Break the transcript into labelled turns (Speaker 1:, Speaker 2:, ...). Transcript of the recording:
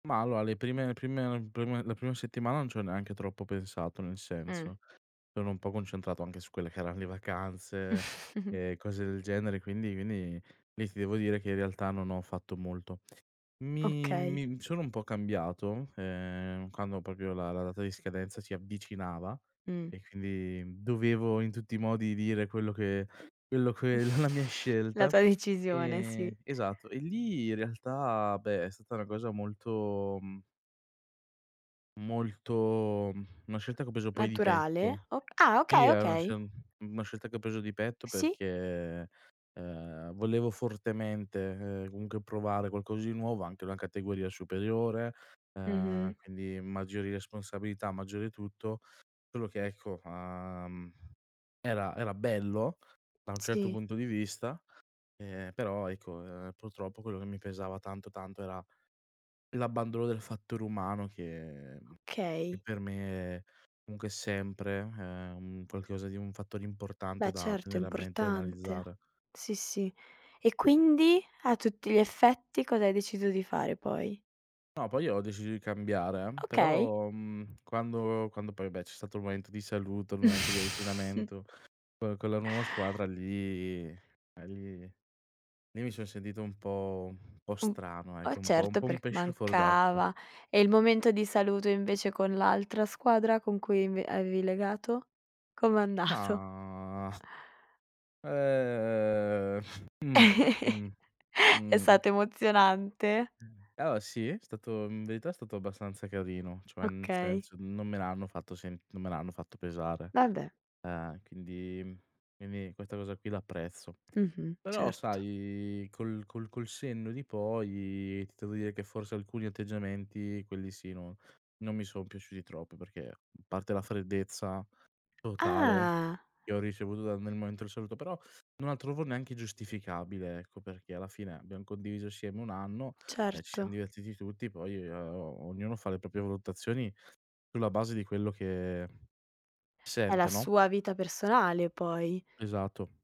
Speaker 1: Ma allora, le prime le prime prima la prima settimana non ci ho neanche troppo pensato nel
Speaker 2: Mh.
Speaker 1: senso, sono un po' concentrato anche su quelle che erano le vacanze e cose del genere quindi quindi quindi lì ti devo dire che in realtà non ho fatto molto. Mi
Speaker 2: Okay.
Speaker 1: mi sono un po' cambiato, ehm, quando proprio la la data di scadenza si avvicinava
Speaker 2: Mh.
Speaker 1: e quindi, dovevo in tutti i modi dire quello che quello che la la mia
Speaker 2: La
Speaker 1: scelta,
Speaker 2: tua decisione, sì.
Speaker 1: ehm, esatto, e lì in realtà, beh, è stata una cosa molto, mhmm molto, una scelta che ho preso poi di
Speaker 2: Naturale
Speaker 1: petto.
Speaker 2: o ah
Speaker 1: Sì,
Speaker 2: okay,
Speaker 1: è una
Speaker 2: okay.
Speaker 1: sce una scelta che ho preso di petto
Speaker 2: Sì.
Speaker 1: perché, uhm, volevo fortemente, ehm, comunque provare qualcosa di nuovo anche una categoria superiore, ehm
Speaker 2: Mh-mh.
Speaker 1: quindi maggiori responsabilità, maggiori tutto, solo che ecco, uhm, era era bello da un certo
Speaker 2: Sì.
Speaker 1: punto di vista, ehm, però ecco, uhm, purtroppo quello che mi pesava tanto, tanto era l'abbandono del fattore umano che che
Speaker 2: Okay.
Speaker 1: per me comunque è sempre, ehm, un qualcosa di un fattore
Speaker 2: Beh,
Speaker 1: importante da
Speaker 2: certo è
Speaker 1: tenere a mente e
Speaker 2: importante.
Speaker 1: analizzare.
Speaker 2: Sì, sì. E quindi, a tutti gli effetti cosa hai deciso di fare poi?
Speaker 1: No, poi ho deciso di cambiare eh,
Speaker 2: Okay.
Speaker 1: però, mhmm, quando quando poi, beh, c'è stato il momento di saluto, il momento di avvicinamento, co con la nuova squadra lì eh, lì lì mi son sentito un po' un po'
Speaker 2: Mh,
Speaker 1: strano
Speaker 2: ah
Speaker 1: ecco, un po' un
Speaker 2: certo,
Speaker 1: po' un
Speaker 2: perc
Speaker 1: pesce fuor d'acqua.
Speaker 2: mancava, e il momento di saluto invece con l'altra squadra con cui inv avevi legato com'è andato?
Speaker 1: Mah, uhm, mh-mh,
Speaker 2: È stato
Speaker 1: mh.
Speaker 2: emozionante?
Speaker 1: Mh, allora sì, è stato in verità, è stato abbastanza carino, cioè nel
Speaker 2: Okay.
Speaker 1: senso, non me l'hanno fatto sent non me l'hanno fatto pesare,
Speaker 2: Vabbè.
Speaker 1: uhm, quindi quindi questa cosa qui la apprezzo.
Speaker 2: Mh-mh,
Speaker 1: Però
Speaker 2: certo.
Speaker 1: sai, col col col senno di poi, ti devo dire che forse, alcuni atteggiamenti quelli sì non non mi sono piaciuti troppo perché, a parte la freddezza totale
Speaker 2: Ah.
Speaker 1: che ho ricevuto dal nel momento del saluto, però, non la trovo neanche giustificabile ecco, perché alla fine abbiam condiviso assieme 1 anno e ci siam
Speaker 2: Certo.
Speaker 1: divertiti tutti, poi, o ognuno fa le proprie valutazioni sulla base di quello che
Speaker 2: È la
Speaker 1: sente, no?
Speaker 2: sua vita personale poi.
Speaker 1: Esatto.